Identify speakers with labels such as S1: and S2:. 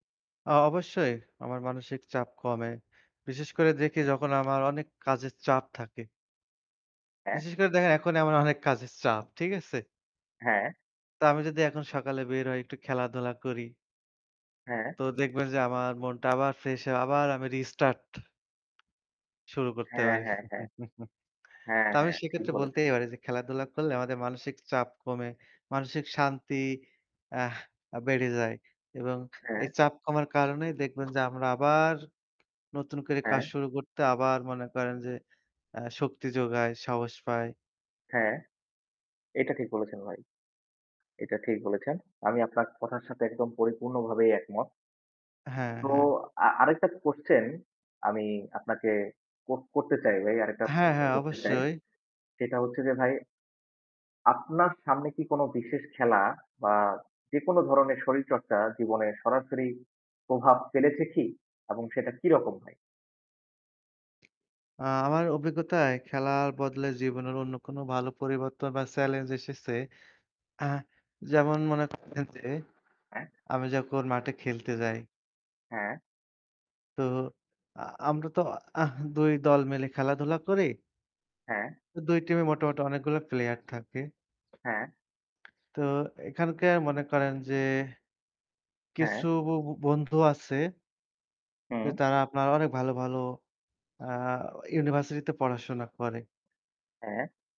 S1: আ অবশ্যই আমার মানসিক চাপ কমে। বিশেষ করে দেখি যখন আমার অনেক কাজের চাপ থাকে।
S2: হ্যাঁ।
S1: বিশেষ করে দেখেন এখনি আমার অনেক কাজের চাপ, ঠিক আছে?
S2: হ্যাঁ।
S1: তো আমি যদি এখন সকালে বের হই একটু খেলাধুলা করি।
S2: হ্যাঁ।
S1: তো দেখবেন যে আমার মনটা আবার ফ্রেশ হয়ে আবার আমি রিস্টার্ট। শুরু করতে
S2: হ্যাঁ,
S1: পারি।
S2: হ্যাঁ, হ্যাঁ। হ্যাঁ,
S1: তো আমি
S2: হ্যাঁ, ঠিক
S1: সেক্ষেত্রে
S2: বলেছেন।
S1: বলতেই পারি যে খেলাধুলা করলে আমাদের মানসিক চাপ কমে, মানসিক শান্তি আহ বেড়ে যায়। এবং এই
S2: হ্যাঁ।
S1: চাপ কমার কারণেই দেখবেন যে আমরা আবার নতুন করে কাজ
S2: হ্যাঁ।
S1: শুরু করতে আবার মনে করেন যে অ্যা শক্তি যোগায়, সাহস পায়।
S2: হ্যাঁ। এটা ঠিক বলেছেন ভাই। এটা ঠিক বলেছেন। আমি আপনার কথার সাথে একদম পরিপূর্ণ ভাবেই একমত।
S1: হ্যাঁ,
S2: তো
S1: হ্যাঁ।
S2: অ্যা আরেকটা কোয়েশ্চেন, আমি আপনাকে কর করতে চাই ভাই আরেকটা
S1: হ্যাঁ,
S2: প্রশ্ন
S1: হ্যাঁ
S2: করতে চাই।
S1: অবশ্যই।
S2: সেটা হচ্ছে যে ভাই আপনার সামনে কি কোন বিশেষ খেলা, বা যেকোন ধরনের শরীরচর্চা জীবনে সরাসরি প্রভাব ফেলেছে কি? এবং সেটা কিরকম ভাই?
S1: অ্যা আমার অভিজ্ঞতায় খেলার বদলে জীবনের অন্য কোন ভালো পরিবর্তন বা চ্যালেঞ্জ এসেছে। অ্যা যেমন মনে করেন যে,
S2: হ্যাঁ।
S1: আমি যখন ওর মাঠে খেলতে যাই
S2: হ্যাঁ।
S1: তো অ্যা আমরা তো আহ ২ দল মিলে খেলাধুলা করি।
S2: হ্যাঁ।
S1: ২ টিমে মোটামুটি অনেকগুলো প্লেয়ার থাকে।
S2: হ্যাঁ।
S1: তো এখানকার মনে করেন যে।
S2: হ্যাঁ।
S1: কিছু বু বু বন্ধু আছে। যে
S2: হুম।
S1: তারা আপনার অনেক ভালো, ভালো অ্যা ইউনিভার্সিটিতে পড়াশোনা করে।
S2: হ্যাঁ।